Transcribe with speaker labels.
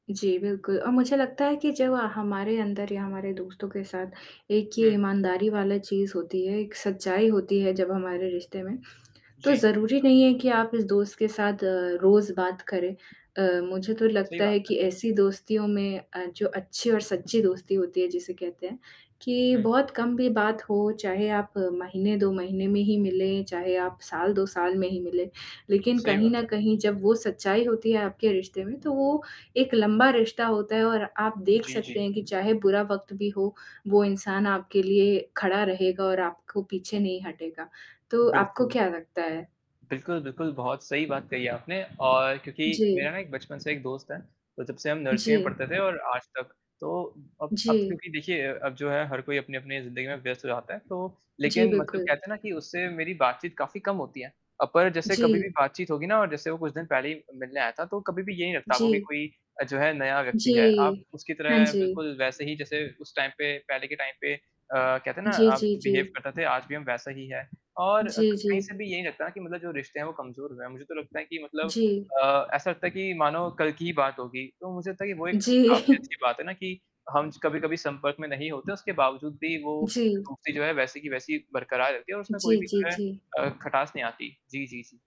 Speaker 1: जी, बिल्कुल, और मुझे लगता है कि जब आ हमारे अंदर या हमारे दोस्तों के साथ एक ये
Speaker 2: हुँ।
Speaker 1: ईमानदारी वाला चीज़ होती है, एक सच्चाई होती है जब हमारे रिश्ते में, तो
Speaker 2: जी।
Speaker 1: ज़रूरी नहीं है कि आप इस दोस्त के साथ अ, रोज़ बात करें। अ, मुझे तो
Speaker 2: सही
Speaker 1: लगता
Speaker 2: बात
Speaker 1: है
Speaker 2: है।
Speaker 1: कि ऐसी दोस्तियों में अ, जो अच्छी और सच्ची दोस्ती होती है जिसे कहते हैं कि
Speaker 2: हुँ।
Speaker 1: बहुत कम भी बात हो, चाहे आप महीने 2 महीने में ही मिलें, चाहे आप 2 साल साल में ही मिलें। लेकिन
Speaker 2: सही
Speaker 1: कहीं
Speaker 2: बात
Speaker 1: न
Speaker 2: है।
Speaker 1: कहीं जब वो सच्चाई होती है आपके रिश्ते में तो वो एक लंबा रिश्ता होता है और आप देख
Speaker 2: जी,
Speaker 1: सकते
Speaker 2: जी।
Speaker 1: हैं कि चाहे बुरा वक़्त भी हो, वो इंसान आपके लिए खड़ा रहेगा और आपको पीछे नहीं हटेगा। तो आपको
Speaker 2: बिल्कुल।
Speaker 1: क्या लगता है?
Speaker 2: बिल्कुल, बिल्कुल बहुत सही बात कही है आपने और क्योंकि मेरा
Speaker 1: जी।
Speaker 2: ना एक बचपन से एक दोस्त है, तो जब से हम नर्सरी में
Speaker 1: जी।
Speaker 2: पढ़ते थे और आज तक। तो अब अब तो
Speaker 1: जी।
Speaker 2: क्योंकि देखिए अ अब जो है हर कोई अपनी-अपनी ज़िंदगी में व्यस्त हो जाता है तो
Speaker 1: जी,
Speaker 2: लेकिन मतलब
Speaker 1: बिल्कुल।
Speaker 2: कहते हैं ना कि उससे मेरी बात-चीत काफ़ी कम होती है। अब ऐ जैसे कभी भी
Speaker 1: जी।
Speaker 2: बात-चीत होगी ना और जैसे वो कुछ दिन पहले ही मिलने आया था तो कभी भी ये नहीं लगता आपको कि
Speaker 1: जी।
Speaker 2: कोई अ, जो है नया व्यक्ति है। आप
Speaker 1: जी,
Speaker 2: उसकी
Speaker 1: हाँ
Speaker 2: तरह
Speaker 1: जी।
Speaker 2: बिल्कुल वैसे ही जैसे उस टाइम पे पहले के टाइम पे अ, कहते हैं ना
Speaker 1: जी,
Speaker 2: आप
Speaker 1: जी,
Speaker 2: बिहेव
Speaker 1: जी।
Speaker 2: करते थे आज भी हम वैसा ही है। और क
Speaker 1: जी,
Speaker 2: कहीं
Speaker 1: जी।
Speaker 2: से भी ये नहीं लगता कि मतलब जो रिश्ते हैं वो कमज़ोर हुए हैं। मुझे तो लगता है कि मतलब
Speaker 1: जी।
Speaker 2: अ, ऐसा लगता है कि मानो कल की ही बात होगी, तो मुझे तो ये वो एक
Speaker 1: जी।
Speaker 2: काफ़ी अच्छी बात है ना कि हम स कभी-कभी संपर्क में नहीं होते हैं उसके बावजूद भी वो
Speaker 1: जी।
Speaker 2: दोस्ती जो है, वैसे की वैसी ही बरकरार रहती है और उसमें कोई
Speaker 1: जी,
Speaker 2: भी
Speaker 1: जी,
Speaker 2: जो है
Speaker 1: जी।
Speaker 2: अ, खटास नहीं आती। जी, जी, जी।